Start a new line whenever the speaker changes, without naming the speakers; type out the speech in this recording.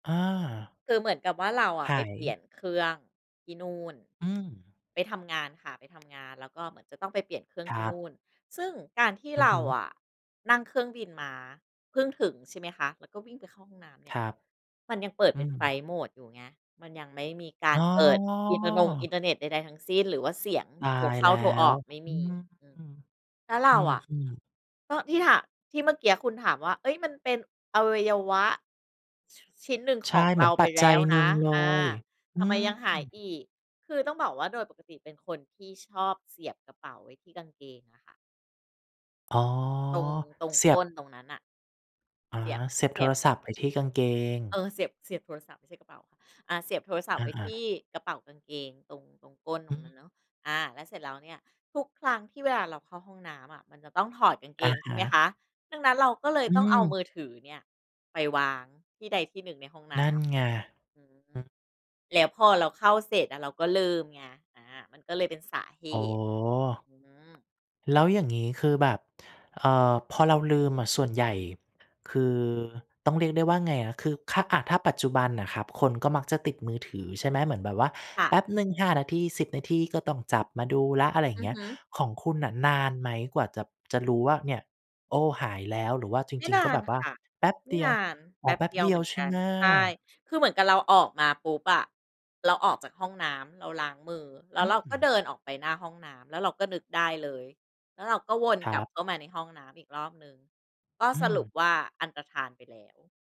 อา
คือเหมือนกับว่า เราอะ
ห
ไป
า
เปลี่
ย
ยนเครื่องที่นู่น
อืม
ไปทำงานค่ะ ไปทำงาน แล้วก็เหมือนจะต้องไปเปลี่ยนเครื่อง
ค
ท
ร
ี่
ั
นู
บ
่น ซึ่งการที่
อือ
เร
ฮ
า
ึ
อะ นั่งเครื่องบินมาเพิ่งถึงใช่ไหมคะ แล้วก็วิ่งไปเข้าห้องน้ำเน
ค
ี่ย
รับ
มันยังเปิด
อื
เป็นไฟล
ม
ต์โหมดอยู่ไง มันยังไม่มีกา
อ
ร
๋อ
เปิดอินเทอร์นง อินเทอร์เน็ตใด ๆ ทั้งสิ้น หรือว่าเสียง
ตา
โทร
ย
เข้
แล
า
้
โทรอ
ว
อกไม่
อื
มี
ม
อื
อ
ม
ืม
แล้วเร
อ
าอะ
ืม ๆ
ก็ที่ถาม ที่เมื่อกี้คุณถามว่า เฮ้ย มันเป็นอวัยวะ ช ชิ้นหนึ่ง
ใช
ข
่
อง
เห
เ
ม
ร
ือ
า
นป
ไป
ัจ
แ
จ
ล
ั
้
ย
ว
หน
น
ึ่
ะ
งเล
อา
ย อื
ทำไม
ม
ยังหายอีก? คือต้องบอกว่าโดยปกติเป็นคนที่ชอบเสียบกระเป๋าไว้ที่กางเกงอะค่ะ
อ๋อ
ตรง ตรง
เสี
ก
ย
้น
บ
ตรงนั้นน่ะ
อ๋อ
เสียบ
เสียบ
เส
โท
ียบ
รศัพท์ไว้ที่กางเกง
เออ เสียบ เสียบโทรศัพท์ไม่ใช่กระเป๋าค่ะ อา เสียบโทรศัพ
อ
ท์ไว้ท
า
ี่
ๆ
กระเป๋ากางเกง ตรง ตรงก้นต
อื
รงนั้
ม
นเนาะ อา แล้วเสร็จแล้วเนี่ย ทุกครั้งที่เวลาเราเข้าห้องน้ำอะ มันจะต้องถอดกางเก
อะ
งใช
ฮ
่ไหม
ะ
คะ ดังนั้นเราก็เลย
อ
ต้องเอา
ื
มื
ม
อถือเนี่ยไปวางที่ใดที่หนึ่งในห้องน
น
้
ั่นไง
ำ อืม
อืม
แล้วพอเราเข้าเสร็จอะ เราก็ลืมไง อา มันก็เลยเป็นสาเห
โอ้!
ตุ อืม
แล้วอย่างงี้คือแบบ เอ่อ พอเราลืมอะ ส่วนใหญ่ คือ ต้องเรียกได้ว่าไงอะ คือ ค อ่า ถ้าปัจจุบันน่ะครับ คนก็มักจะติดมือถือใช่ไหม เหมือนแบบว่า
ค่
แ
ะ
ป๊บหนึ่ง 5 นาที 10 นาทีก็ต้องจับมาดูแล้ว อะไรอย่า
อ
ง
ื
เ
อ
งี้
ฮ
ย
ึ
ของคุณน่ะนานไหมกว่า จะ จะรู้ว่าเนี่ย โอ้ หายแล้วหรือว่าจ
ไม่
ริง
น
ๆ ก็
า
แบ
น
บว่า
ค่ะ
แป๊บ
ไม
เด
่
ี
น
ยว?
าน
อ
แ
๋
ป
อ
๊บ
แป๊บ
เดีย
เ
ว
ดี
เห
ย
ม
ว
ือน
ใช
ก
่
ั
ไ
น
หม?
ใช่ คือเหมือนกับเราออกมาปุ๊บอะ เราออกจากห้องน้ำเราล้างมือ แล้
อ
วเรา
ื
ก็
ม
เดินออกไปหน้าห้องน้ำ แล้วเราก็นึกได้เลย แล้วเราก็วน
คร
กลั
ั
บ
บ
เข้ามาในห้องน้ำอีกรอบหนึ่ง ก็
อื
สรุป
ม
ว่า อันตรธานไปแล้ว